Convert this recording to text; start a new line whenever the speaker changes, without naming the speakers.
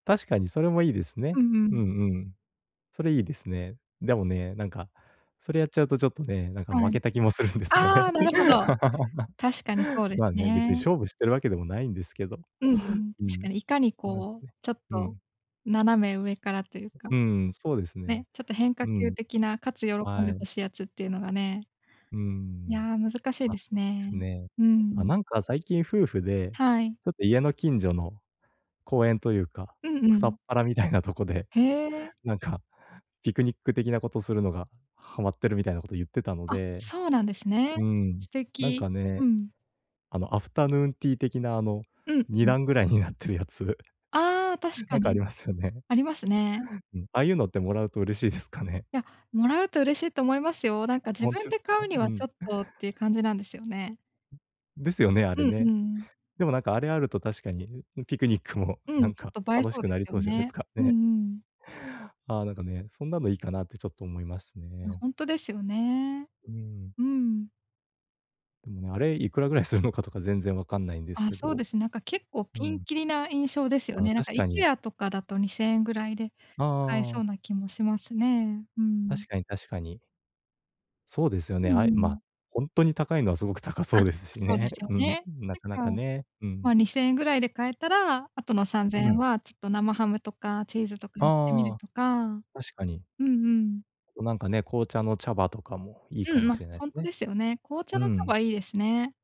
確かにそれもいいです
う
ね。
んう
うん
ん。
うん。それいいですね。でもね、なんか、それやっちゃうとちょっとね、なんか
は
負
い。
けた気もするんですよ
あ
ね。
あ、なるほど。確かに そうです
まあ、ね、別に
ね。
勝負してるわけでもないんですけど。
うんうん、
う
確か
ん。
にいかに
なん
こう
ね
ちょっ
う
と
ん。
斜め上からという
う
か。
うーん、そうですね。
ね、ちょっと変化
う
球
ん。
的な、かつ喜ん
は
で
い。
欲しいやつっていうのがね
うー
い
ん。
や、難しい
あ、
です
す
ね。
ね。
う
ま、
ん。
なんか最近夫婦で、
はい。
ちょっと家の近所の公園というか、
うんう
草
ん。
っぱらみたいなとこで、
へえ。
なんか、ピクニック的なことするのがはまってるみたいなこと言ってたの
あ、
で、
そうなんですね。
うん。
素
なん
敵。
かね。
うん。
あの、アフタヌーンティー的な、あの、
うん、
に
うん。
だんぐらいになってるやつ。
ああ確か
なんかあ
に。
りますよね。
ありますね。
うん、ああいうのってもらうと嬉しいですかね。
いや、もらうと嬉しいと思いますよ。なんか自
ほん
分
て
で
すか
買う
ね
に
う
はちょ
ん。
っとっていう感じなんですよね。
んですよね、あれ
うん、う
ね。
ん。
でもなんかあれあると確かに、ううピクニックも
う
な
ん、
ん
ちょ
か
っと映え
楽
そ
し
う
く
で
なり
すよ
そうじゃないす
ね。
か、
うん
ね。
うん。
ああ、なんかね、そんなのいいかなってちょっと思います
あ、
ね。
ほんとですよね。
うんうん。
うん。
ん、あれいくらぐらいするのかとか全然分かんないんです
あ、
け
そうで
ど。
す、なんか結構
う
ピン
ん。
キリな印象ですよ
ああ、
ね。なんか
確かに。
IKEA とかだと2000円ぐらいで
ああ
買え
あ
そう
あ。
な気もしますね。うん。
確かに、確かに。そうですよ
う
ね、
んう
あえま、
ん。
ほんとに高いのはすごく高
あ、
そ
あ、
うですし
そうで
ね。
すよ
うん、
ね。
なかな
な
か
んか、
ね、うん。
まあ2000円ぐらいで買えたら、後のさんぜんえ
ふ
ん
ん。
はちっと生ハムとかチーズとかにてみる
ああ。
とか。
確かに。
うんうん。
と、なんかね、紅茶の茶葉とかもいい
う
か
ん、
もし
ま、
れない
ほ
す
んと
ね。
ですよね。紅茶
う
の茶
ん。
葉いいですね。